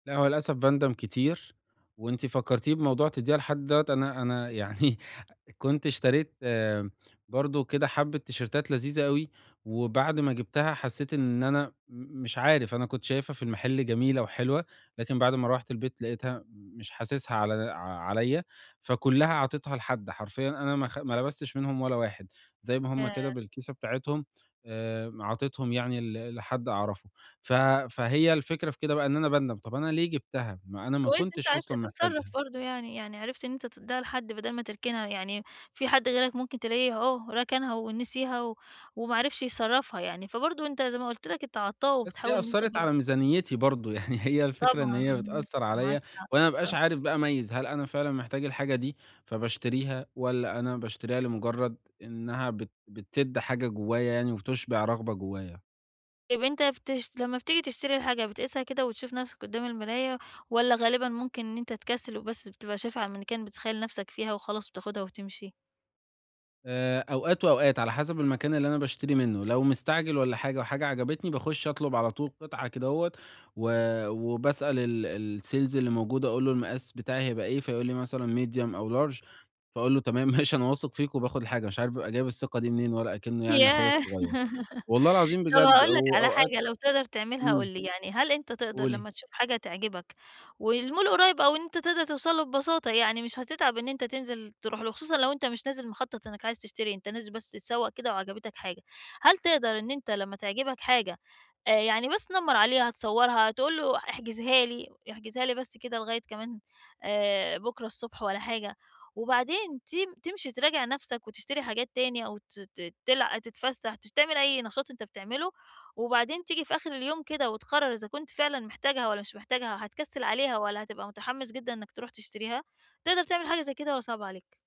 لا هو للأسف باندم كتير، وأنتِ فكرتيني بموضوع تدّيها لحد دوّة، أنا أنا يعني كنت اشتريت برضو كده حبة تيشرتات لذيذة أوي، وبعد ما جبتها حسيت إن أنا م مش عارف أنا كنت شايفها في المحل جميلة وحلوة، لكن بعد ما روّحت البيت لقيتها مش حاسسها على د ع عليَّ، فكلّها عطيتها لحد، حرفيًا أنا ما خ ما لبستش منهم ولا واحد، زي ما هُم كده ياه! بالكيسة بتاعتهم، آمم، عطيتهم يعني ل لحد أعرفه، ف فهي الفكرة في كده بقى إن أنا باندم، طب أنا ليه جبتها، ما أنا ما كويس إن أنت كنتش عرفت أصلًا تتصرف محتاجها. برضو يعني، يعني عرفت إن أنت تدّيها لحد بدل ما تركنها، يعني في حد غيرك ممكن تلاقيه أهو ركنها ونسيها و وما عرفش يصرّفها يعني، فبرضو أنت زي ما قُلت لك أنت عطّاء بس هي وبتحاول إن أنت أثّرت على برضو ميزانيتي برضو، يعني هي الفكرة إن طبعًا هي امم، بتأثّر عليَّ معاك حق، وأنا ما صح. أبقاش عارف بقى أميّز هل أنا فعلًا محتاج الحاجة دي فباشتريها، ولا أنا باشتريها لمجرد إنّها بت بتسد حاجة جوايا يعني وتُشبع رغبة جوايا. طيب أنت بتش لمّا بتيجي تشتري حاجة بتقيسها كده وتشوف نَفسك قدّام المراية، والّا غالبًا ممكن إن أنت تكسّل وبس بتبقى شايفها على الmannequin بتتخيل نَفسك فيها وخلاص بتاخدها وتمشي؟ آآ، أوقات وأوقات على حسب المكان اللي أنا باشتري منه، لو مستعجل والّا حاجة وحاجة عجبتني، باخش أطلب على طول قطعة كده هوّة، و وبسأل ال الsales اللي موجود، أقول له المقاس بتاعي هيبقى إيه؟ فيقول لي مثلًا medium أو large، فأقول له تمام ماشي أنا واثق فيك، وباخد الحاجة، مش عارف بابقى جايب الثقة دي منين، ولا أكنّه يعني أخويا ياه! الصغيّر. والله العظيم طب بجد، هاقول لك على وأوقات حاجة لو تقدر تعملها قُل إمم. لي، يعني هل أنت تقدر لمّا قولي. تشوف حاجة تعجبك والmall قُريّب أو إن أنت تقدر توصل له ببساطة يعني مش هتتعب إن أنت تنزل تروح له، وخصوصًا لو أنت مش نازل مخطط إنّك عايز تشتري، أنت نازل بس تتسوق كده وعجبتك حاجة، هل تقدر إن أنت لمّا تعجبك حاجة آآ يعني بس تنمَّرعليها، تصورها، تقول له احجزها لي، احجزها لي بس كده لغاية كمان آآ بُكرة الصبح ولا حاجة، وبعدين تم تمشي تراجع نَفسك وتشتري حاجات تاني، أو ت ت تلع تتفسح تش تعمل أي نشاط أنت بتعمله، وبعدين تيجي في آخر اليوم كده وتقرر إذا كنت فعلًا محتاجها والّا مش محتاجها، وهتكسّل عليها والّا هتبقى متحمس جدًا إنّك تروح تشتريها، تقدر تعمل حاجة زي كده والّا صعب عليك؟